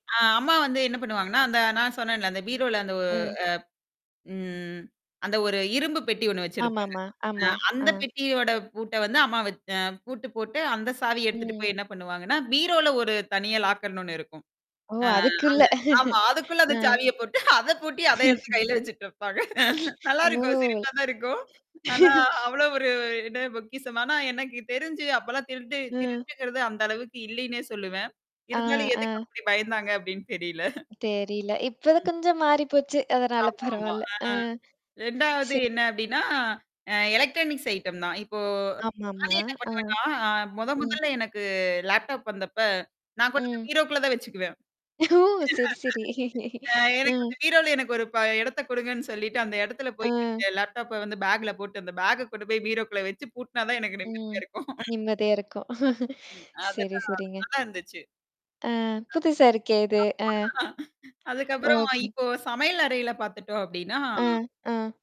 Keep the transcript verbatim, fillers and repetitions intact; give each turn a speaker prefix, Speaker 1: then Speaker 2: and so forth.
Speaker 1: அ அம்மா வந்து என்ன பண்ணுவாங்கன்னா, அந்த நான் சொன்னேன்ல அந்த பீரோவுல அந்த ஓ
Speaker 2: ம்.
Speaker 1: அ ம் அந்த ஒரு இரும்பு பெட்டி ஒண்ணு வச்சிருப்பாங்க.
Speaker 2: ஆமாம்மா.
Speaker 1: அ
Speaker 2: ஆமா. அ.
Speaker 1: அந்தப் பெட்டியோட பூட்ட வந்து வத் அ அம்மா பூட்டு போட்டு அந்தச் சாவி எடுத்துட்டு
Speaker 2: ம்.
Speaker 1: போய் என்ன பண்ணுவாங்கன்னா, பீரோல ஒரு தனியா லாக்கர்னு ஒண்ணு இருக்கும்.
Speaker 2: ஓ!
Speaker 1: அ,
Speaker 2: அதுக்குள்ள.
Speaker 1: அந்த ஆமா அதுக்குள்ள அந்தச்
Speaker 2: அ.
Speaker 1: சாவியப் போட்டு அதைப் பூட்டி அதைக் கையில வச்சுக்கிட்டுருப்பாங்க. நல்லா
Speaker 2: ஓ!
Speaker 1: இருக்கும் சிரிப்பாத்தான் இருக்கும். ஆனா அவ்வளவு ஒரு என்ன பொக்கிஷமானா, எனக்குத் தெரிஞ்சு அப்பல்லாம் திருட்டு
Speaker 2: அ.
Speaker 1: திருட்டுங்கிறது அந்த அளவுக்கு இல்லைன்னே சொல்லுவேன்.
Speaker 2: அ,
Speaker 1: இருந்தாலும் எதுக்கு
Speaker 2: அ.
Speaker 1: அப்படி பயந்தாங்க அப்படின்னு தெரியல.
Speaker 2: தெரில. இப்பதான்
Speaker 1: ம்.
Speaker 2: கொஞ்சம் மாறிப்போச்சு. அதனால
Speaker 1: ஆமாமா,
Speaker 2: பரவால்ல.
Speaker 1: அ.
Speaker 2: அ. ச
Speaker 1: ரெண்டாவது என்ன அப்படின்னா, அ எலக்ட்ரானிக்ஸ் ஐட்டம் தான் .இப்போ நானே
Speaker 2: ஆமாம்மா.
Speaker 1: என்ன
Speaker 2: அ,
Speaker 1: பண்ணுவேன்னா அ மொத,
Speaker 2: ம்.
Speaker 1: மொதல்ல எனக்கு லேப்டாப் வந்தப்ப நான் கொண்டுப்போய்
Speaker 2: ம்.
Speaker 1: பீரோக்குள்ள தான் வச்சுக்குவேன்.
Speaker 2: ஓ! சரி, சரி.
Speaker 1: அ
Speaker 2: அ.
Speaker 1: எனக்கு அந்தப் பீரோல எனக்கு ஒரு ப இடத்த குடுங்கன்னு சொல்லிட்டு, அந்த இடத்துல
Speaker 2: அ.
Speaker 1: போய் அந்த லேப்டாப்ப வந்து பேக் போட்டு அந்த பேக் கொண்டு போய் பீரோக்குள்ள வச்சு பூட்டுனா தான் எனக்கு
Speaker 2: ம்.
Speaker 1: நிம்மதியா இருக்கும்.
Speaker 2: நிம்மதியா இருக்கும்.
Speaker 1: ம்,
Speaker 2: சரி,
Speaker 1: அதுதான்.
Speaker 2: சரிங்க.
Speaker 1: நல்லா இருந்துச்சு.
Speaker 2: அ,
Speaker 1: ஆமா,
Speaker 2: புதுசா இருக்கே இது. அ,
Speaker 1: அதுக்கப்புறம்
Speaker 2: ஓகே.
Speaker 1: இப்போ சமையல் அறையில பார்த்துட்டோம் அப்டின்னா
Speaker 2: அ, அ.